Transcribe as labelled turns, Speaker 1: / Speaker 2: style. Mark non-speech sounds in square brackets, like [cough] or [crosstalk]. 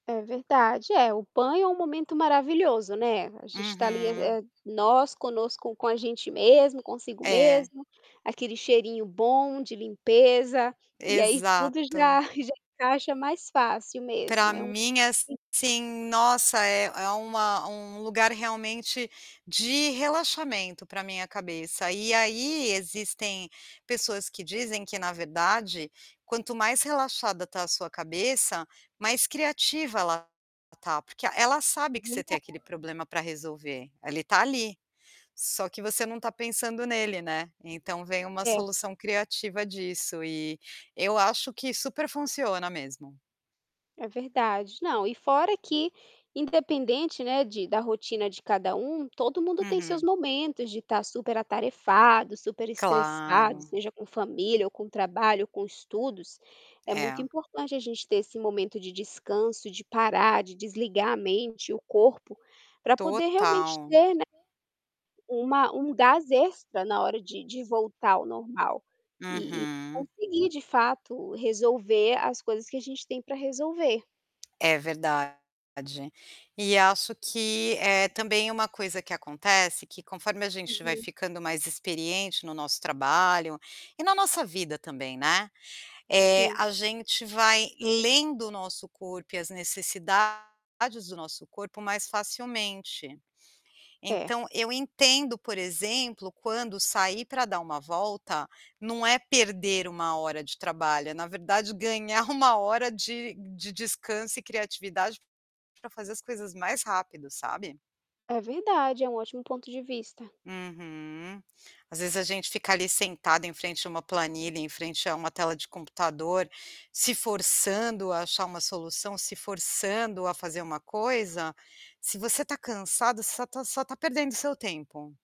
Speaker 1: É verdade. É, o banho é um momento maravilhoso, né, a gente está ali,
Speaker 2: Uhum.
Speaker 1: eh, nós conosco com a gente mesmo, consigo
Speaker 2: É.
Speaker 1: mesmo, aquele cheirinho bom de limpeza, e aí tudo já
Speaker 2: Exato.
Speaker 1: [chuckles] já encaixa mais fácil
Speaker 2: Para
Speaker 1: mesmo. É um
Speaker 2: mim,
Speaker 1: [unintelligible]
Speaker 2: assim, nossa, é é uma um lugar realmente de relaxamento para minha cabeça e aí existem pessoas que dizem que na verdade, quanto mais relaxada está a sua cabeça, mais criativa ela está, porque ela sabe
Speaker 1: É
Speaker 2: que você tem
Speaker 1: verdade.
Speaker 2: aquele problema para resolver, ele está ali. Só que você não está pensando nele, né. Então vem uma
Speaker 1: É.
Speaker 2: solução criativa disso e eu acho que super funciona mesmo.
Speaker 1: É verdade. Não, e fora que independente, né, de da rotina de cada um, todo mundo tem seus
Speaker 2: Uhum.
Speaker 1: momentos de estar super atarefado, super estressado,
Speaker 2: Claro.
Speaker 1: seja com família ou com trabalho, com estudos, é
Speaker 2: É.
Speaker 1: muito importante a gente ter esse momento de descanso, de parar, de desligar a mente, o corpo, para poder realmente
Speaker 2: Total.
Speaker 1: ter, né, um um gás extra na hora de de voltar ao normal, e e
Speaker 2: Uhum.
Speaker 1: conseguir de fato resolver as coisas que a gente tem para resolver.
Speaker 2: É verdade. E acho que é também uma coisa que acontece, que conforme a gente vai
Speaker 1: Uhum.
Speaker 2: ficando mais experiente no nosso trabalho, e na nossa vida também, né, eh,
Speaker 1: Sim.
Speaker 2: a gente vai lendo o nosso corpo e as necessidades do nosso corpo mais facilmente.
Speaker 1: É.
Speaker 2: Então eu entendo, por exemplo, quando sair para dar uma volta, não é perder 1 hora de trabalho, na verdade ganhar 1 hora de de descanso e criatividade, para fazer as coisas mais rápido, sabe?
Speaker 1: É verdade, é um ótimo ponto de vista.
Speaker 2: Uhum. Às vezes, a gente fica ali sentado em frente a uma planilha, em frente a uma tela de computador, se forçando a achar uma solução, se forçando a fazer uma coisa, se você está cansado, você só está só está perdendo seu tempo.